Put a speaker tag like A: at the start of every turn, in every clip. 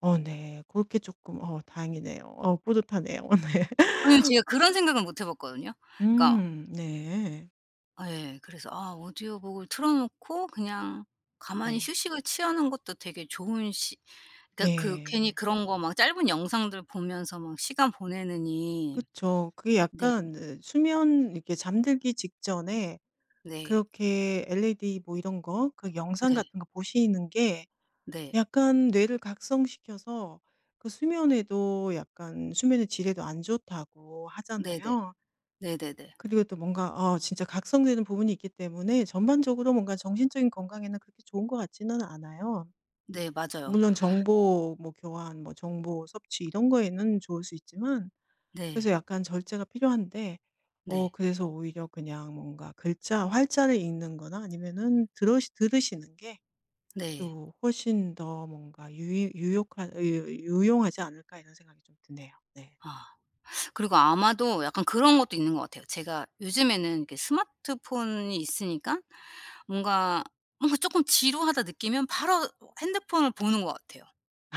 A: 어 네 고렇게 쪼끔 어 다행이네요. 어 뿌듯하네요. 어 네.
B: 아니 제가 그런 생각은 못 해 봤거든요. 그러니까
A: 음 네.
B: 아 예. 그래서 아 오디오북을 틀어 놓고 그냥 가만히
A: 네.
B: 휴식을 취하는 것도 되게 좋은 시 그러니까 그 괜히
A: 네.
B: 그런 거 막 짧은 영상들 보면서 막 시간 보내느니
A: 그쵸. 그게
B: 네.
A: 약간 그 수면 이렇게 잠들기 직전에
B: 네.
A: 그렇게 LED 뭐 이런 거 그 영상
B: 네.
A: 같은 거 보시는 게
B: 네.
A: 약간 뇌를 각성시켜서 그 수면에도 약간 수면의 질에도 안 좋다고
B: 네네.
A: 하잖아요.
B: 네네네.
A: 그리고 또 뭔가 어 진짜 각성되는 부분이 있기 때문에 전반적으로 뭔가 정신적인 건강에는 그렇게 좋은 것 같지는 않아요.
B: 네 맞아요.
A: 물론 정보 뭐 교환, 뭐 정보 섭취 이런 거에는 좋을 수 있지만 그래서
B: 네.
A: 약간 절제가 필요한데 어
B: 네.
A: 그래서 오히려 그냥 뭔가 글자 활자를 읽는 거나 아니면은 들으시 들으시는 게
B: 네.
A: 또 훨씬 더 뭔가 유이 유욕한 으 이 으 이 유용하지 않을까 이런 생각이 좀 드네요. 네.
B: 아. 그리고 아마도 약간 그런 것도 있는 것 같아요. 제가 요즘에는 이렇게 스마트폰이 있으니까 뭔가 뭔가 쪼끔 지루하다 느끼면 바로 핸드폰을 보는 것 같아요.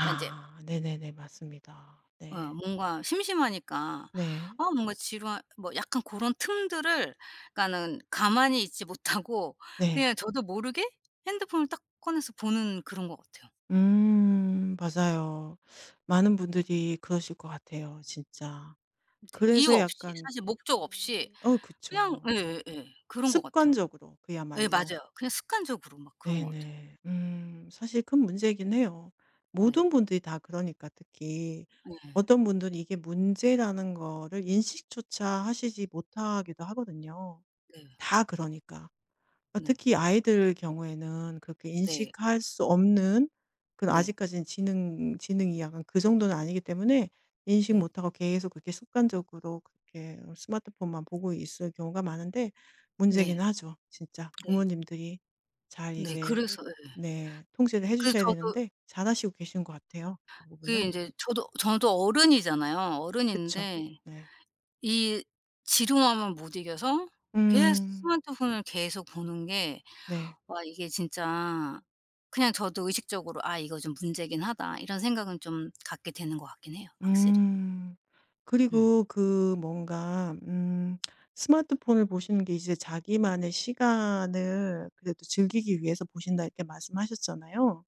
B: 그러니까 이제
A: 네네네. 맞습니다.
B: 어
A: 네.
B: 뭔가 심심하니까
A: 네.
B: 아 뭔가 지루한 뭐 약간 고런 틈들을 그러니까는 가만히 있지 못하고
A: 네.
B: 그냥 저도 모르게 핸드폰을 딱 꺼내서 보는 그런 것 같아요.
A: 음 맞아요. 많은 분들이 그러실 것 같아요 진짜.
B: 네. 이유
A: 그래서
B: 없이
A: 약간
B: 사실 목적 없이
A: 어
B: 그냥
A: 그쵸.
B: 예예예. 그런 것 같아요.
A: 습관적으로
B: 예
A: 그야말로.
B: 맞아요. 그냥 습관적으로 막 그런 것 같아요.
A: 네네. 음 사실 큰 문제이긴 해요.
B: 네.
A: 모든 분들이 다 그러니까 특히.
B: 네.
A: 어떤 분들이 이게 문제라는 거를 인식조차 하시지 못하기도 하거든요.
B: 네.
A: 다 그러니까. 어
B: 네.
A: 특히 아이들 경우에는 그렇게
B: 네.
A: 인식할 수 없는 그래도
B: 네.
A: 아직까지는 지능 지능이 약간 그 정도는 아니기 때문에 인식
B: 네.
A: 못 하고 계속 그렇게 습관적으로 그렇게 어 스마트폰만 보고 있을 경우가 많은데
B: 네
A: 문제긴 하죠 진짜.
B: 네.
A: 부모님들이 잘
B: 네
A: 이제
B: 그래서 예.
A: 네. 통제를 해
B: 그래서
A: 주셔야
B: 저도
A: 되는데 잘하시고 계신 것 같아요 그
B: 그게
A: 부분은.
B: 인제 저도 저도 어른이잖아요.
A: 그쵸.
B: 어른인데
A: 네.
B: 이 지루함을 못 이겨서 계속
A: 음.
B: 스마트폰을 계속 보는 게
A: 네.
B: 와 이게 진짜 그냥 저도 의식적으로 '아 이거 좀 문제긴 하다.' 이런 생각은 좀 갖게 되는 것 같긴 해요 확실히.
A: 음.
B: 음.
A: 그리고 그 뭔가 음 스마트폰을 보시는 게 이제 자기만의 시간을 그래도 즐기기 위해서 보신다 이렇게 말씀하셨잖아요.